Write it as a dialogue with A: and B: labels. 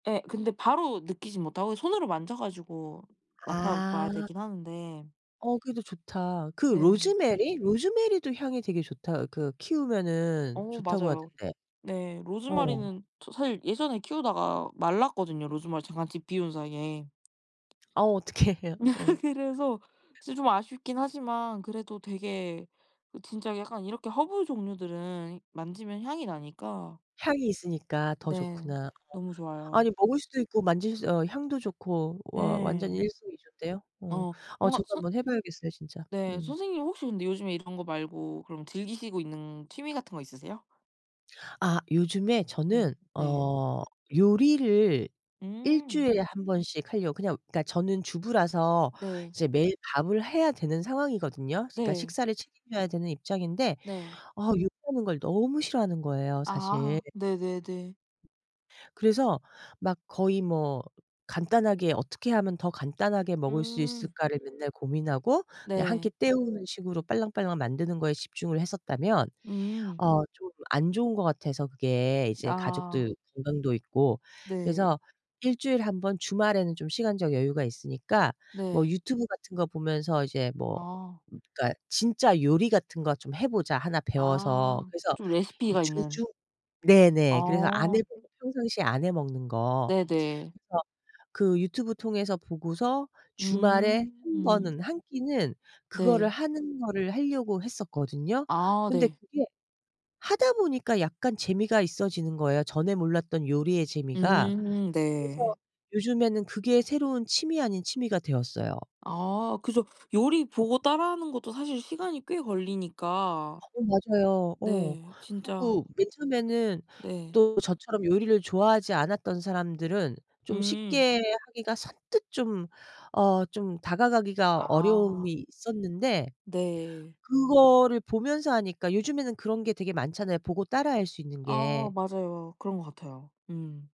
A: 예. 근데 바로 느끼진 못하고 손으로 만져 가지고 맡아 봐야
B: 아.
A: 되긴 하는데
B: 어 그래도 좋다. 그
A: 네.
B: 로즈메리? 로즈메리도 향이 되게 좋다 그 키우면은
A: 어
B: 좋다고
A: 맞아요.
B: 하던데.
A: 네.
B: 어.
A: 로즈메리는 저 사실 예전에 키우다가 말랐거든요, 로즈메리 잠깐 집 비운 사이에.
B: 아 어떡해. 어.
A: 그래서 이제 좀 아쉽긴 하지만 그래도 되게 어 진짜 약간 이렇게 허브 종류들은 이 만지면 향이 나니까
B: 향이 있으니까 더
A: 네.
B: 좋구나. 어
A: 너무 좋아요.
B: 아니 먹을 수도 있고 만질 수 어 향도 좋고 와 완전
A: 예.
B: 일석이조인데요. 어.
A: 어.
B: 아
A: 뭔가
B: 저도
A: 선
B: 한번 해 봐야겠어요 진짜.
A: 네
B: 음.
A: 선생님 혹시 근데 요즘에 이런 거 말고 그럼 즐기시고 있는 취미 같은 거 있으세요?
B: 아 요즘에
A: 네.
B: 저는
A: 네.
B: 어 요리를
A: 음.
B: 일주일에 1 번씩 하려고 그냥 그러니까 저는 주부라서
A: 네.
B: 이제 매일 밥을 해야 되는 상황이거든요. 그러니까
A: 네.
B: 식사를 책임져야 되는 입장인데
A: 네.
B: 아 요리하는 걸 너무 싫어하는 거예요, 사실.
A: 아 네네네.
B: 그래서 막 거의 뭐 간단하게 어떻게 하면 더 간단하게 먹을 수
A: 음.
B: 있을까를 맨날 고민하고 그냥 1 끼
A: 네.
B: 때우는 식으로 빨랑빨랑 만드는 거에 집중을 했었다면
A: 음.
B: 아 좀 안 좋은 것 같아서 그게 이제
A: 아.
B: 가족들 건강도 있고
A: 네.
B: 그래서 1 주일에 1 번 주말에는 좀 시간적 여유가 있으니까 뭐
A: 네.
B: 유튜브 같은 거 보면서 이제 뭐
A: 아.
B: 그러니까 '진짜 요리 같은 거 좀 해 보자, 하나 배워서.'
A: 아
B: 그래서
A: 좀
B: 이
A: 레시피가 있는
B: 주중 네네 그래서 안 해
A: 아.
B: 보고 평상시에 안 해 먹는 거.
A: 네네.
B: 그래서 그 유튜브 통해서 보고서 주말에 1
A: 음.
B: 번은 1 끼는 그거를
A: 네.
B: 하는 거를 하려고 했었거든요.
A: 아
B: 근데
A: 네.
B: 그게 하다 보니까 약간 재미가 있어지는 거예요, 전에 몰랐던 요리의 재미가.
A: 음
B: 그래서
A: 네.
B: 요즘에는 그게 새로운 취미 아닌 취미가 되었어요.
A: 아 그죠, 요리 보고 따라 하는 것도 사실 시간이 꽤 걸리니까.
B: 어 맞아요. 어.
A: 네. 진짜
B: 그리고 맨 처음에는
A: 네.
B: 또 저처럼 요리를 좋아하지 않았던 사람들은 좀
A: 음.
B: 쉽게 하기가 선뜻 좀 어 좀 다가가기가
A: 아.
B: 어려움이 있었는데
A: 네.
B: 그거를 보면서 하니까 요즘에는 그런 게 되게 많잖아요, 보고 따라 할 수 있는
A: 아
B: 게.
A: 맞아요. 그런 것 같아요. 음.